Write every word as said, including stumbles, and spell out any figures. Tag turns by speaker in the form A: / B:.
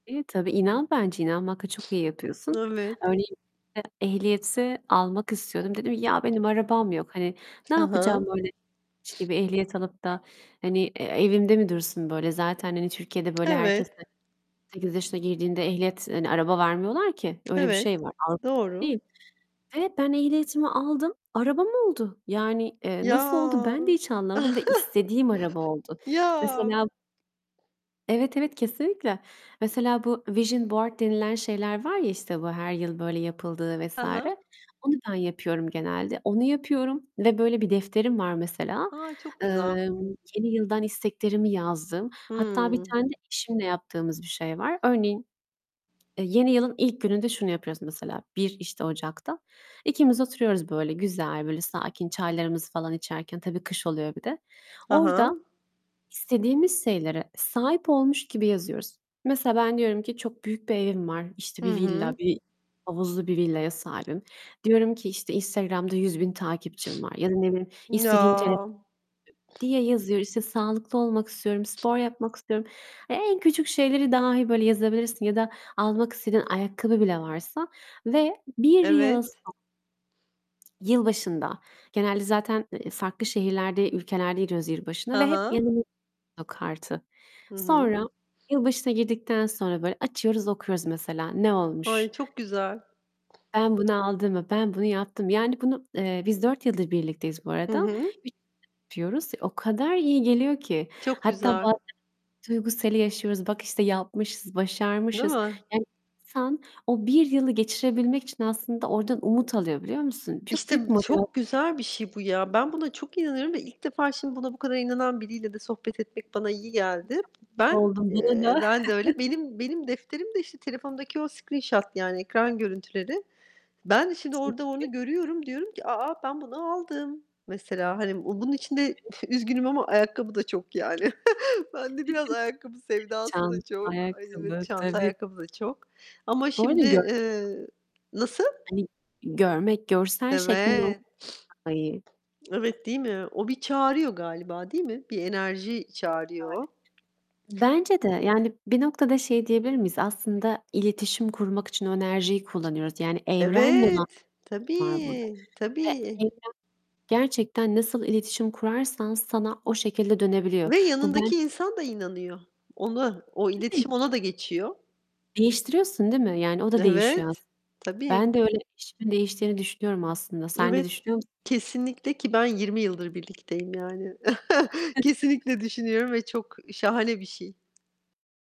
A: İyi tabii, inan bence. İnanmakla çok iyi yapıyorsun.
B: Evet.
A: Örneğin e ehliyeti almak istiyordum. Dedim "Ya benim arabam yok." Hani, ne
B: Hı
A: yapacağım
B: hı.
A: böyle [unintelligible] gibi ehliyet alıp da, hani, e evimde mi dursun böyle? Zaten, hani, Türkiye'de böyle, herkese on
B: Evet.
A: sekiz yaşına girdiğinde ehliyet hani, araba vermiyorlar ki. Öyle bir
B: Evet,
A: şey var. Avrupa
B: doğru.
A: değil. Ve ben ehliyetimi aldım, arabam oldu. Yani, eee, nasıl oldu
B: Ya.
A: ben de hiç anlamadım ve istediğim araba oldu.
B: Ya.
A: Mesela Evet, evet, kesinlikle. Mesela, bu vision board denilen şeyler var ya, işte bu her yıl böyle yapıldığı
B: Hı
A: vs.
B: hı.
A: Onu ben yapıyorum genelde. Onu yapıyorum ve böyle bir defterim var mesela.
B: A! Çok güzel.
A: Emm, yeni yıldan isteklerimi yazdığım, hatta bir
B: Hıı.
A: tane de eşimle yaptığımız bir şey var. Örneğin, eee, yeni yılın ilk gününde şunu yapıyoruz mesela, bir işte Ocak'ta. İkimiz oturuyoruz böyle güzel, böyle sakin çaylarımızı falan içerken tabii kış oluyor bir de.
B: Ha
A: Orada
B: ha.
A: istediğimiz şeylere sahip olmuş gibi yazıyoruz. Mesela, ben diyorum ki "Çok büyük bir evim var, işte,
B: Hı
A: bir villa,
B: hı.
A: bir, havuzlu bir villaya sahibim." Diyorum ki işte "Instagram'da yüz bin takipçim var." ya da, ne bileyim,
B: Ya!
A: istediğim, [unintelligible] diye yazıyor. İşte, "Sağlıklı olmak istiyorum, spor yapmak istiyorum." En küçük şeyleri dahi, böyle, yazabilirsin ya da almak istediğin ayakkabı bile varsa ve bir yıl
B: Evet.
A: so yılbaşında genelde zaten, eee, farklı şehirlerde, ülkelerde giriyoruz yılbaşına
B: Hı
A: ve hep
B: hı.
A: yanımız o kartı.
B: Hı hı.
A: Sonra, yılbaşına girdikten sonra, böyle, açıyoruz, okuyoruz mesela: "Ne
B: Ay,
A: olmuş
B: çok güzel!
A: ben bunu aldım mı, ben bunu yaptım mı? "Yani, bunu, eee, biz dört yıldır birlikteyiz bu
B: Hı
A: arada.
B: hı.
A: [unintelligible] O kadar iyi geliyor ki.
B: Çok
A: Hatta
B: güzel.
A: bazen duygu seli yaşıyoruz. Bak işte yapmışız,
B: Değil
A: başarmışız.
B: mi?
A: Yani, insan o bir yılı geçirebilmek için aslında oradan umut alıyor, biliyor musun? Çok
B: İşte,
A: büyük motivas
B: çok güzel bir şey bu ya. Ben buna çok inanırım ve ilk defa şimdi buna bu kadar inanan biriyle de sohbet etmek bana iyi
A: Ay çok
B: geldi.
A: mutlu
B: Ben,
A: oldum. [unintelligible]
B: eee ben de öyle. Benim benim defterim de işte telefondaki o screenshot, yani, ekran görüntüleri. Ben de şimdi
A: Çok
B: orada
A: iyi.
B: onu görüyorum. Diyorum ki "A! Ben bunu aldım." mesela. Hani, bunun içinde üzgünüm ama ayakkabı da çok yani. Bende biraz ayakkabı sevdası da
A: Tam,
B: çok. Ay, evet,
A: ayakkabı,
B: çanta
A: tabii.
B: ayakkabı da çok. Ama
A: Böyle
B: şimdi,
A: görmek çok
B: eee Nasıl?
A: Hani, görmek, görsel şeklinde
B: Evet.
A: olunca daha iyi.
B: Evet, değil mi? O bir çağırıyor galiba, değil mi? Bir enerji
A: Aynen öyle.
B: çağırıyor o.
A: Bence de. Yani, bir noktada şey diyebilir miyiz? Aslında iletişim kurmak için o enerjiyi kullanıyoruz. Yani, evrenle olan
B: Evet.
A: var burada
B: Tabii,
A: ve
B: tabii.
A: evren gerçekten nasıl iletişim kurarsan sana o şekilde dönebiliyor.
B: Ve
A: Bu ben
B: yanındaki insan da inanıyor. Ona o
A: Tabii.
B: iletişim ona da geçiyor.
A: Değiştiriyorsun, değil mi? Yani, o da değişiyor as
B: Evet, tabii.
A: Ben de öyle, eşimin değiştiğini düşünüyorum aslında. Sen de
B: Evet,
A: düşünüyor musun?
B: kesinlikle. Ki ben yirmi yıldır birlikteyim yani. Kesinlikle düşünüyorum ve çok şahane bir şey.